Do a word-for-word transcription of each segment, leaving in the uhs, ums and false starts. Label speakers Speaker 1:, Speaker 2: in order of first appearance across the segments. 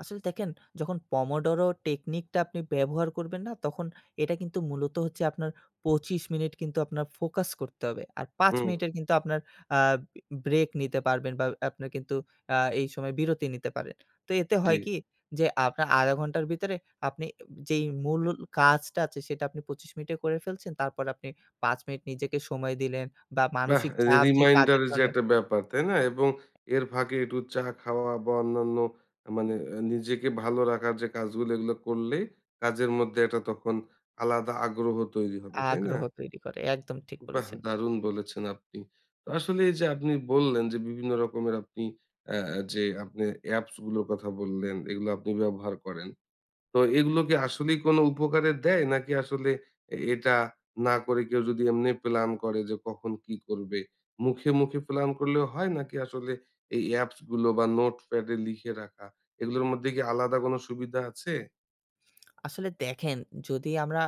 Speaker 1: আসলে দেখেন, যখন পমোডরো টেকনিকটা আপনি ব্যবহার করবেন না তখন এটা কিন্তু মূলত হচ্ছে আপনার পঁচিশ মিনিট কিন্তু আপনার ফোকাস করতে হবে। আর পাঁচ
Speaker 2: হুম।
Speaker 1: মিনিটের কিন্তু আপনার আ ব্রে ব্রেক নিতে পারবেন বা আপনার কিন্তু আ এই সময় বিরতি নিতে পারেন। তো এতে
Speaker 2: জি।
Speaker 1: হয় কি যে আপনার আধা ঘন্টার ভিতরে আপনি যেই মূল কাজটা আছে সেটা আপনি পঁচিশ মিনিটে করে ফেলছেন তারপর আপনি পাঁচ মিনিট নিজেকে সময় দিলেন বা
Speaker 2: বাহ!
Speaker 1: মানসিক
Speaker 2: এই যে
Speaker 1: চাপ যে কাজের
Speaker 2: রিমাইন্ডারের যে
Speaker 1: জন্য
Speaker 2: একটা ব্যাপার তাই না? এবং এর ফাঁকে একটু চা খাওয়া বা অন্যান্য মানে নিজেকে ভালো রাখার যে কাজগুলো এগুলো করলে কাজের মধ্যে একটা তখন আলাদা আগ্রহ তৈরি হবে। তাই না?
Speaker 1: আগ্রহ তৈরি করে। একদম ঠিক
Speaker 2: বাহ!
Speaker 1: বলেছেন।
Speaker 2: দারুন বলেছেন আপনি। আসলে এই যে আপনি বললেন যে, বিভিন্ন রকমের আপনি অ্যা যে, আপনি অ্যাপস গুলোর কথা বললেন এগুলো আপনি ব্যবহার করেন। তো এগুলো কি আসলেই কোন উপকারে দেয় নাকি আসলে এটা না করে কেউ যদি এমনি প্লান করে যে কখন কি করবে? মুখে, মুখে প্লান করলেও হয় নাকি আসলে এই অ্যাপসগুলো বা নোটপ্যাডে লিখে রাখা এগুলোর মধ্যে কি আলাদা কোন সুবিধা আছে?
Speaker 1: আসলে দেখেন যদি আমরা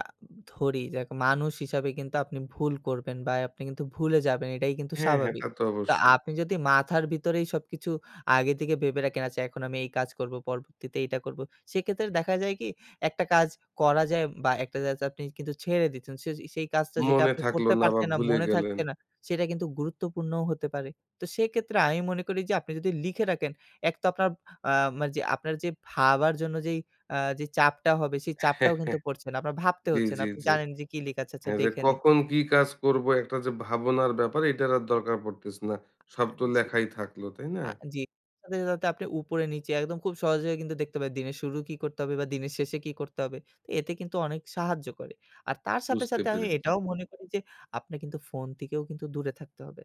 Speaker 1: ধরি যাক মানুষ হিসাবে কিন্তু আপনি ভুল করবেন বা আপনি কিন্তু ভুলে যাবেন, এটাই কিন্তু
Speaker 2: হ্যাঁ, হ্যাঁ। তা
Speaker 1: স্বাভাবিক।
Speaker 2: তো
Speaker 1: তো
Speaker 2: অবশ্যই।
Speaker 1: আপনি যদি মাথার ভিতরেই সবকিছু আগে থেকে ভেবে রাখেন আচ্ছা এখন আমি এই কাজ করব, পরবর্তীতে এইটা করব। সেক্ষেত্রে দেখা যায় কি একটা কাজ করা যায় বা একটা যা যায় আপনি কিন্তু ছেড়ে দিচ্ছেন। সে সেই কাজটা যেটা
Speaker 2: মনে
Speaker 1: আপনি
Speaker 2: থাকলো
Speaker 1: করতে
Speaker 2: না, বা
Speaker 1: পারছেন না,
Speaker 2: ভুলে
Speaker 1: মনে
Speaker 2: গেলেন।
Speaker 1: থাকছে না সেটা কিন্তু গুরুত্বপূর্ণও হতে পারে। তো সেক্ষেত্রে আমি মনে করি যে, আপনি যদি লিখে রাখেন এক তো আপনার আ মা যে আপনার যে ভাবার জন্য যে আ যে চাপটা হবে সেই চাপটাও কিন্তু পড়ছে না। আপনার ভাবতে
Speaker 2: জি,
Speaker 1: হচ্ছে না।
Speaker 2: জি,
Speaker 1: আপনি
Speaker 2: জি।
Speaker 1: জানেন যে কি লিখা আছে আচ্ছা
Speaker 2: হ্যাঁ, যে
Speaker 1: দেখে নিই।
Speaker 2: কখন কি কাজ করব একটা যে ভাবনার ব্যাপার এটার আর দরকার পড়তেছে না। সব
Speaker 1: আঁ
Speaker 2: তো
Speaker 1: জি।
Speaker 2: লেখাই থাকলো, তাই না?
Speaker 1: আ জি, সাথে, সাথে আপনি উপরে নিচে একদম খুব সহজে হয়ে কিন্তু দেখতে পারেন দিনের শুরু কি করতে হবে? বা দিনের শেষে কি করতে হবে? এতে কিন্তু অনেক সাহায্য করে। আর তার সাথে,
Speaker 2: বুঝতে
Speaker 1: সাথে আমি
Speaker 2: পেরেছি।
Speaker 1: এটাও মনে করি যে আপনাকে কিন্তু ফোন থেকেও কিন্তু দূরে থাকতে হবে।